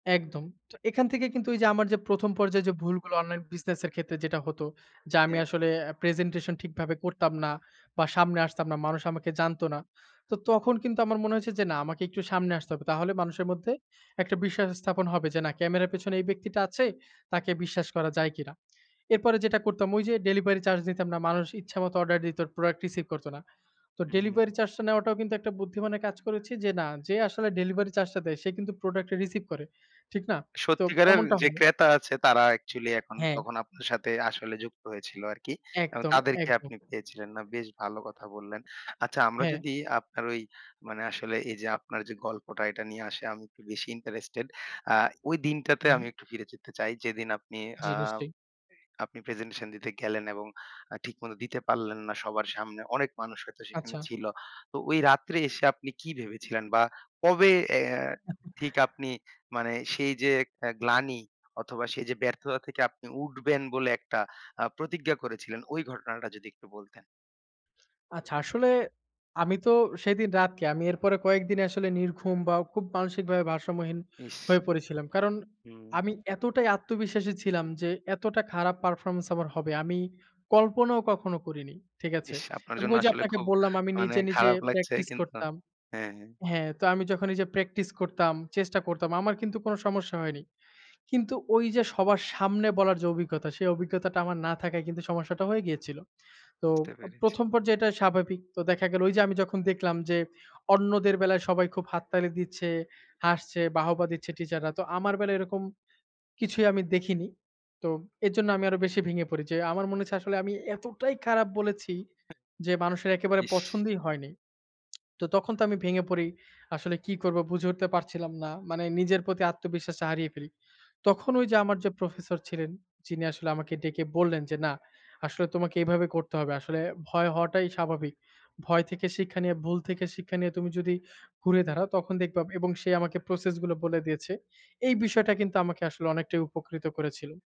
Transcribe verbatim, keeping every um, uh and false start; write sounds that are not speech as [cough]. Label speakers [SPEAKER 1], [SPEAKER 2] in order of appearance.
[SPEAKER 1] একদম। তো এখান থেকে কিন্তু এইযে আমার যে প্রথম পর্যায়ে যে ভুলগুলো অনলাইন বিজনেস এর ক্ষেত্রে যেটা হতো যে আমি
[SPEAKER 2] হ্যাঁ।
[SPEAKER 1] আসলে আ প্রেজেন্টেশন ঠিকভাবে করতাম না বা সামনে আসতাম না। মানুষ আমাকে জানতো না। তো তখন কিন্তু আমার মনে হয়েছে যে না আমাকে একটু সামনে আসতে হবে। তাহলে মানুষের মধ্যে একটা বিশ্বাস স্থাপন হবে যে না ক্যামেরার পেছনে এই ব্যক্তিটা আছে, তাকে বিশ্বাস করা যায় কিনা। এরপরে যেটা করতাম ওইযে ডেলিভারি চার্জ দিতাম না। মানুষ ইচ্ছামত অর্ডার দিত, প্রোডাক্ট রিসিভ করতো না। তো
[SPEAKER 2] হুম।
[SPEAKER 1] ডেলিভারি চার্জটা নেওয়াটাও কিন্তু একটা বুদ্ধিমানের কাজ করেছি যে না। যে আসলে ডেলিভারি চার্জটা দেয় সে কিন্তু প্রোডাক্টটা রিসিভ করে। ঠিক না? তো
[SPEAKER 2] সত্যিকারের
[SPEAKER 1] এমনটা
[SPEAKER 2] যে
[SPEAKER 1] হয়।
[SPEAKER 2] ক্রেতা আছে তারা অ্যাকচুয়ালি এখন
[SPEAKER 1] হ্যাঁ।
[SPEAKER 2] তখন আপনার সাথে আসলে যুক্ত হয়েছিল আরকি এবং
[SPEAKER 1] একদম,
[SPEAKER 2] তাদেরকে
[SPEAKER 1] একদম।
[SPEAKER 2] আপনি পেয়েছিলেন, না বেশ ভালো কথা বললেন। আচ্ছা আমরা
[SPEAKER 1] হ্যাঁ।
[SPEAKER 2] যদি আপনার ওই মানে আসলে এইযে আপনার যে গল্পটা এটা নিয়ে আসে আমি একটু বেশি ইন্টারেস্টেড। আ ওই দিনটাতে আমি
[SPEAKER 1] হু।
[SPEAKER 2] একটু ফিরে যেতে চাই। যেদিন আপনি আ
[SPEAKER 1] জি, নিশ্চয়ই।
[SPEAKER 2] আপনি প্রেজেন্টেশন দিতে গেলেন এবং আ ঠিকমতো দিতে পারলেন না সবার সামনে। অনেক মানুষ হয়তো সেখানে
[SPEAKER 1] আচ্ছা।
[SPEAKER 2] ছিল। তো ওই রাত্রে এসে আপনি কি ভেবেছিলেন বা কবে অ্যাঁ ঠিক
[SPEAKER 1] [chuckles]
[SPEAKER 2] আপনি মানে সেই যে একটা গ্লানি অথবা সেই যে ব্যর্থতা থেকে আপনি উঠবেন বলে একটা অ্যাঁ প্রতিজ্ঞা করেছিলেন ওই ঘটনাটা যদি একটু বলতেন?
[SPEAKER 1] আচ্ছা। আসলে আমি তো সেদিন রাত কি আমি এর পরে কয়েকদিন আসলে নির্ঘুম বা খুব মানসিকভাবে ভারসাম্যহীন
[SPEAKER 2] ইস!
[SPEAKER 1] হয়ে পড়েছিলাম। কারণ
[SPEAKER 2] হুম।
[SPEAKER 1] আমি এতটাই আত্মবিশ্বাসী ছিলাম যে এতটা খারাপ পারফরম্যান্স আমার হবে। আমি কল্পনাও কখনো করিনি। ঠিক আছে?
[SPEAKER 2] ইস! আপনার
[SPEAKER 1] এবং
[SPEAKER 2] জন্য
[SPEAKER 1] ওইযে
[SPEAKER 2] আসলে
[SPEAKER 1] আপনাকে
[SPEAKER 2] খুব
[SPEAKER 1] বললাম আমি
[SPEAKER 2] মানে
[SPEAKER 1] নিজে, নিজে
[SPEAKER 2] খারাপ লাগছে।
[SPEAKER 1] প্র্যাকটিস
[SPEAKER 2] কিন্তু
[SPEAKER 1] করতাম
[SPEAKER 2] হ্যাঁ, হ্যাঁ।
[SPEAKER 1] হ্যাঁ, তো আমি যখনই যে প্র্যাকটিস করতাম, চেষ্টা করতাম আমার কিন্তু কোনো সমস্যা হয়নি। কিন্তু ওইযে সবার সামনে বলার যে অভিজ্ঞতা সেই অভিজ্ঞতাটা আমার না থাকায় কিন্তু সমস্যাটা হয়ে গিয়েছিল। তো
[SPEAKER 2] বুঝতে
[SPEAKER 1] ও
[SPEAKER 2] পেরেছি।
[SPEAKER 1] প্রথম পর্যায়ে এটা স্বাভাবিক। তো দেখা গেলো ওইযে আমি যখন দেখলাম যে অন্যদের বেলায় সবাই খুব হাত তালি দিচ্ছে হাসছে, বাহবা দিচ্ছে টিচাররা তো আমার বেলায় এরকম কিছুই আমি দেখিনি। তো এর জন্য আমি আরো বেশি ভেঙে পড়ি যে আমার মনে হচ্ছে আসলে আমি এতটাই খারাপ বলেছি। যে মানুষের একেবারে
[SPEAKER 2] ইস!
[SPEAKER 1] পছন্দই হয়নি। [tsk] তো তখন তো আমি ভেঙে পড়ি। আসলে কি করব বুঝে উঠতে পারছিলাম না। মানে নিজের প্রতি আত্মবিশ্বাসটা হারিয়ে ফেলি। তখন ওইযে আমার যে প্রফেসর ছিলেন। যিনি আসলে আমাকে ডেকে বললেন যে না আসলে তোমাকে এভাবে করতে হবে। আসলে ভয় হওয়াটাই স্বাভাবিক। ভয় থেকে শিক্ষা নিয়ে ভুল থেকে শিক্ষা নিয়ে তুমি যদি ঘুরে দাঁড়াও তখন দেখবা এবং সে আমাকে প্রসেসগুলো বলে দিয়েছে। এই বিষয়টা কিন্তু আমাকে আসলে অনেকটাই উপকৃত করেছিল।